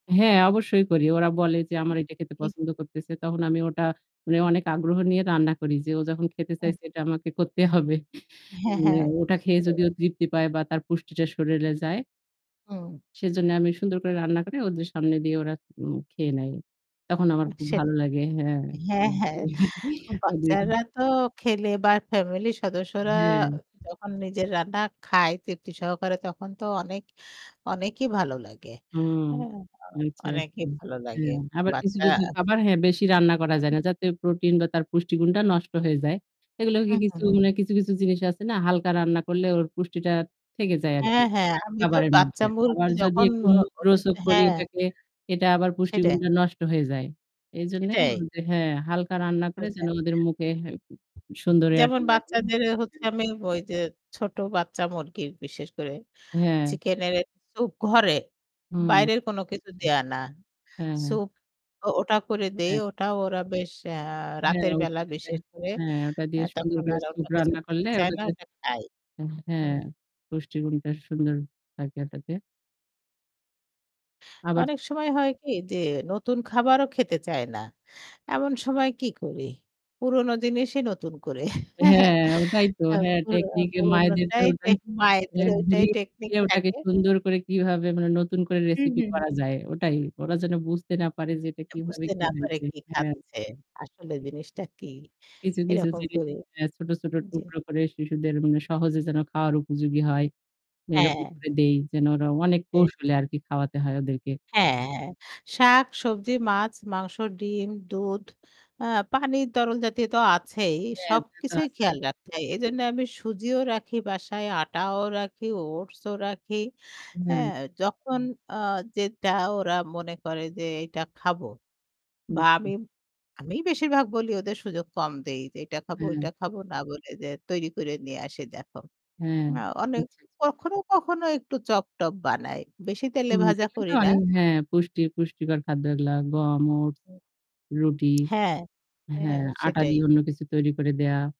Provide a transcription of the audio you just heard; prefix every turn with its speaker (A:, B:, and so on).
A: হ্যাঁ অবশ্যই করি। ওরা বলে যে, আমার এটা খেতে
B: এই
A: পছন্দ করতেছে। তখন আমি ওটা মানে অনেক আগ্রহ নিয়ে রান্না করি। যে ও যখন খেতে
B: হ্যাঁ।
A: চাইছে এটা আমাকে করতে হবে।
B: হ্যাঁ,
A: মানে
B: হ্যাঁ
A: ওটা খেয়ে
B: সেটাই।
A: যদি ও তৃপ্তি পায় বা তার পুষ্টিটা শরীরে যায়
B: হুম।
A: সেজন্যে আমি সুন্দর করে রান্না করে ওদের সামনে দিয়ে ওরা উম খেয়ে নেয়। তখন আমার খুব ভালো
B: সেটাই।
A: লাগে। হ্যাঁ,
B: হ্যাঁ,
A: হুম
B: হ্যাঁ
A: ওগুলা কিন
B: বাচ্চারা তো খেলে বা ফ্যামিলির সদস্যরা
A: হুম।
B: যখন নিজের রান্না খায় তৃপ্তি সহকারে তখন তো অনেক অনেকই ভালো লাগে।
A: হুম
B: হ্যাঁ,
A: আচ্ছা,
B: অনেকই
A: আচ্ছা।
B: ভালো লাগে।
A: হ্যাঁ আবার কিছু,
B: বাচ্চা
A: কিছু খাবার হ্যাঁ বেশি রান্না করা যায় না। যাতে প্রোটিন বা তার পুষ্টিগুণটা নষ্ট হয়ে যায়। এগুলো
B: হু,
A: কি
B: হু,
A: কিছু
B: হু।
A: মানে কিছু, কিছু জিনিস আছে না হালকা রান্না করলে ওর পুষ্টিটা থেকে যায় আরকি
B: হ্যাঁ, হ্যাঁ আমি তো
A: খাবারের মধ্যে।
B: বাচ্চা
A: আবার
B: মুরগি
A: যদি
B: যখন
A: একটু
B: [unintelligible] ওহ
A: মুখরোচক করি
B: হ্যাঁ।
A: এটকে এটা আবার
B: সেটাই।
A: পুষ্টিগুণটা নষ্ট হয়ে যায়। এইজন্যে
B: সেটাই।
A: যে হ্যাঁ হালকা রান্না করে
B: হালকা।
A: যেন ওদের মুখে সুন্দর ইয়েটা
B: যেমন
A: লাগে।
B: বাচ্চাদের
A: হ্যাঁ,
B: হচ্ছে
A: হ্যাঁ।
B: আমি ওই যে ছোট বাচ্চা মুরগির বিশেষ করে
A: হ্যাঁ।
B: চিকেন এর স্যুপ ঘরে
A: হুম,
B: বাইরের কোন কিছু
A: আচ্ছা।
B: দেয়া না।
A: হ্যাঁ, হ্যাঁ।
B: স্যুপও ওটা করে দেই।
A: হ্যাঁ।
B: ওটা ওরা বেশ অ্যা
A: হ্যাঁ ওটা
B: রাতেরবেলা
A: হ্যাঁ,
B: বিশেষ করে
A: হ্যাঁ ওটা
B: আ
A: দিয়ে সুন্দর
B: তখন
A: করে
B: আর অন্য
A: স্যুপ
B: কিছু
A: রান্না
B: খেতে
A: করলে
B: চায় না
A: ওটাতে
B: ওটা খায়।
A: হ্যাঁ
B: হুম।
A: পুষ্টি গুণটা সুন্দর থাকে ওটাতে। আবার
B: অনেক সময় হয় কি যে নতুন খাবারও খেতে চায় না। এমন সময় কি করি? পুরনো জিনিসই নতুন করে
A: হ্যাঁ ওটাই তো
B: আ
A: হ্যাঁ
B: পুর
A: টেকনিক এ মায়েদের তো
B: পুরনোটাই
A: ওটাই
B: টেক
A: এহ
B: মায়েদের ওটাই টেকনিক
A: ঘুরিয়ে-ফিরিয়ে ওটাকে
B: থাকে।
A: সুন্দর করে কিভাবে মানে নতুন করে
B: হুম,
A: রেসিপি
B: হুম।
A: করা যায় ওটাই। ওরা যেন বুঝতে না পারে যে এটা কিভাবে
B: বুঝতে
A: কি
B: না পারে
A: হইছে।
B: কি
A: হ্যাঁ।
B: খাচ্ছে। আসলে জিনিসটা কী?
A: কিছু, কিছু
B: এরকম
A: জিনিস
B: করে।
A: এহ ছোট, ছোট
B: জ্বী।
A: টুকরো করে শিশুদের মানে সহজে যেন খাওয়ার উপযোগী হয়। এরকম
B: হ্যাঁ।
A: করে দেই। যেন ওরা অনেক
B: এহ
A: কৌশলে আরকি খাওয়াতে হয় ওদেরকে।
B: হ্যাঁ, হ্যাঁ, হ্যাঁ। শাক, সবজি, মাছ, মাংস, ডিম, দুধ আ পানির তরল জাতীয় তো আছেই।
A: হ্যাঁ ওটা তো
B: সবকিছুই
A: আছেই।
B: খেয়াল রাখতে হয়। এজন্যে আমি সুজিও রাখি বাসায়, আটাও রাখি, ওটসও রাখি।
A: হুম।
B: হ্যাঁ যখন আ যেটা ওরা মনে করে যে এইটা খাবো
A: হুম
B: বা
A: জ্বি।
B: আমি আমিই বেশিরভাগ বলি ওদের সুযোগ কম দেই যে, "এইটা খাবো,
A: হ্যাঁ।
B: ওইটা খাবো না বলে যে তৈরি করে নিয়ে আসি দেখো।"
A: হ্যাঁ
B: হ্যাঁ
A: আচ্ছা
B: অনেক
A: জ্বি।
B: কখনো, কখনো একটু চপ-টপ বানাই। বেশি তেলে
A: হুম
B: ভাজা
A: এগুলো তো
B: করি না।
A: অনেক হ্যাঁ পুষ্টির পুষ্টিকর খাদ্য এগুলা, গম, ওটস, রুটি,
B: হ্যাঁ। হ্যাঁ
A: হ্যাঁ আটা
B: সেটাই।
A: দিয়ে অন্য কিছু তৈরি করে দেয়া।